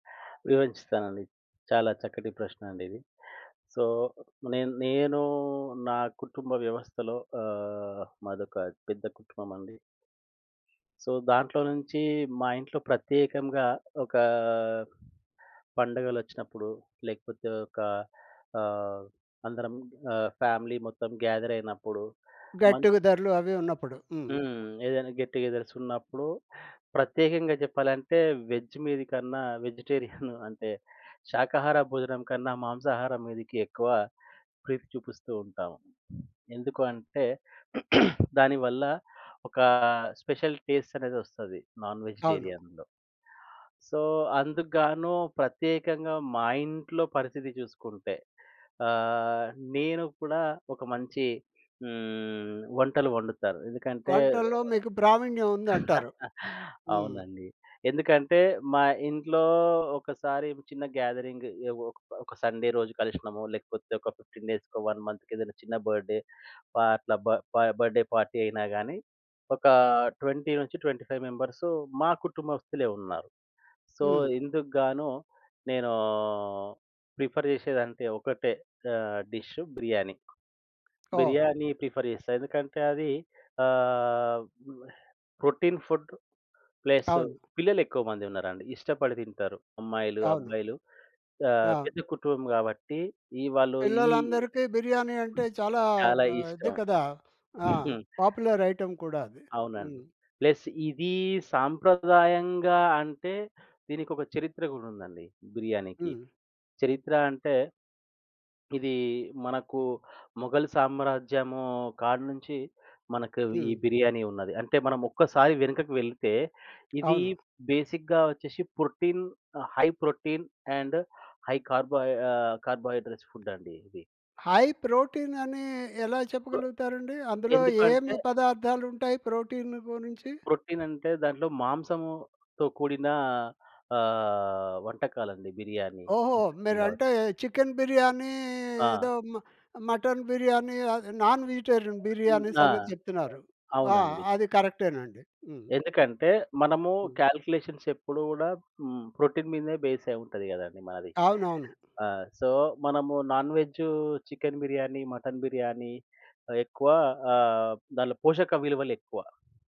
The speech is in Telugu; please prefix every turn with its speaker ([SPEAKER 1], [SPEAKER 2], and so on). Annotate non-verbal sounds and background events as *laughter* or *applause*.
[SPEAKER 1] వివరించిస్తానండి. చాలా చక్కటి ప్రశ్నండి ఇది. సో నేన్ నేను నా కుటుంబ వ్యవస్థలో ఆహ్, మాదొక పెద్ద కుటుంబం అండి. సో, దాంట్లో నుంచి మా ఇంట్లో ప్రత్యేకంగా ఒకా పండగలొచ్చినప్పుడు, లేకపోతే ఒక ఆహ్, అందరం ఆహ్, ఫ్యామిలీ మొత్తం గ్యాదర్ అయినప్పుడు. మం
[SPEAKER 2] గట్టిగ ధరలు అవి ఉన్నప్పుడు. హ్మ్.
[SPEAKER 1] హ్మ్. ఏదైనా గెట్ టు గెదర్స్ ఉన్నప్పుడు ప్రత్యేకంగా చెప్పాలంటే వేజ్ మీదికన్నా వెజిటేరియన్ *chuckles* అంటే, శాకాహార భోజనం కన్నా, మాంసాహారం మీదికి ఎక్కువ ప్రీతి చూపిస్తూ ఉంటాము. ఎందుకు అంటే *clears throat* దానివల్ల ఒక స్పెషల్ టేస్ట్ అనేది వస్తది నాన్
[SPEAKER 2] అవును.
[SPEAKER 1] వెజిటేరియన్‌లో. సో అందుగ్గాను ప్రత్యేకంగా మా ఇంట్లో పరిస్థితి చూసుకుంటే, ఆహ్, నేను కూడా ఒక మంచి హ్మ్, వంటలు వండుతారు. ఎందుకంటే
[SPEAKER 2] వంటల్లో మీకు ప్రావీణ్యం ఉందంటారు.
[SPEAKER 1] *chuckles*
[SPEAKER 2] హ్మ్.
[SPEAKER 1] అవునండి. ఎందుకంటే మా ఇంట్లో, ఒకసారి చిన్న గ్యాదరింగ్ ఎ ఒక ఒక సండే రోజు కలిషినము. లేకపోతే ఒక 15 డేస్‌కో, వన్ మంత్‌కో ఏదైనా చిన్న బర్త్‌డే ఆహ్, అట్లా బ బర్త్‌డే పార్టీ అయినా గాని, ఒక 20 నుంచి 25 మెంబర్సు మా కుటుంబస్తులే ఉన్నారు. సో
[SPEAKER 2] హ్మ్.
[SPEAKER 1] ఇందుగ్గాను నేనూ ప్రిఫర్ చేసేదంటే ఒకటే ఆహ్, డిషు బిర్యానీ.
[SPEAKER 2] ఓహ్!
[SPEAKER 1] బిర్యానీ ప్రిఫర్ చేస్తా. ఎందుకంటే అది ఆహ్, ప్రోటీన్ ఫుడ్, ప్లస్
[SPEAKER 2] అవును.
[SPEAKER 1] పిల్లలు ఎక్కువ మంది ఉన్నారండి. ఇష్టపడి తింటారు. అమ్మాయిలు,
[SPEAKER 2] అవును.
[SPEAKER 1] అబ్బాయిలు ఆహ్,
[SPEAKER 2] అవును.
[SPEAKER 1] పెద్ద కుటుంబం కాబట్టి ఈ వాళ్ళు, ఈ
[SPEAKER 2] పిల్లలందరికీ బిర్యానీ అంటే చాలా ఆహ్,
[SPEAKER 1] చాలా
[SPEAKER 2] ఇది
[SPEAKER 1] ఇష్టం.
[SPEAKER 2] కదా! ఆ!
[SPEAKER 1] *chuckles* హ్మ్.
[SPEAKER 2] పాపులర్ ఐటెమ్ కూడా అది.
[SPEAKER 1] అవునండి.
[SPEAKER 2] హ్మ్.
[SPEAKER 1] ప్లస్ ఇదీ సాంప్రదాయంగా అంటే దీనికొక చరిత్ర గూడుందండి బిర్యానికి.
[SPEAKER 2] హ్మ్.
[SPEAKER 1] చరిత్ర అంటే, ఇది మనకు మొఘల్ సామ్రాజ్యము కాడ్నుంచి మనకు ఈ
[SPEAKER 2] హ్మ్.
[SPEAKER 1] బిర్యానీ ఉన్నది. అంటే మనం ఒక్కసారి వెనకకి వెళ్తే ఇది
[SPEAKER 2] అవును.
[SPEAKER 1] బేసిక్‌గా వచ్చేసి protein, high protein and high carbo ah, carbohydrates food అండి ఇది.
[SPEAKER 2] హై ప్రోటీన్ అని ఎలా చెప్పగలుగుతారండి? అందులో
[SPEAKER 1] ఎందుకంటే
[SPEAKER 2] ఏమి పదార్థాలు ఉంటాయి ప్రోటీన్ గురించి?
[SPEAKER 1] ప్రొటీన్ అంటే దాంట్లో మాంసము‌తో కూడిన ఆహ్, వంటకాలండి బిర్యానీ
[SPEAKER 2] ఓహొ!
[SPEAKER 1] *unintelligible* కావచ్చు.
[SPEAKER 2] మీరంటే చికెన్ బిర్యానీ
[SPEAKER 1] ఆ!
[SPEAKER 2] ఏదో మ మటన్ బిర్యానీ అది నాన్ వెజిటేరియన్
[SPEAKER 1] హ్మ్.
[SPEAKER 2] బిర్యాని
[SPEAKER 1] ఆ!
[SPEAKER 2] సంగతి చెప్తున్నారు. ఆ!
[SPEAKER 1] అవునండి.
[SPEAKER 2] అది కరెక్టేనండి. హ్మ్.
[SPEAKER 1] ఎందుకంటే మనము
[SPEAKER 2] హ్మ్.
[SPEAKER 1] కాలిక్యులేషన్స్ ఎప్పుడు గూడా హ్మ్. ప్రోటీన్ మీదనే బేస్ అయుంటది గదండీ మనది.
[SPEAKER 2] అవునవును.
[SPEAKER 1] ఆహ్, సో మనము non veg chicken biryani, mutton biryani ఆహ్, ఎక్కువ ఆహ్, దాంట్లో పోషక విలువలు ఎక్కువ.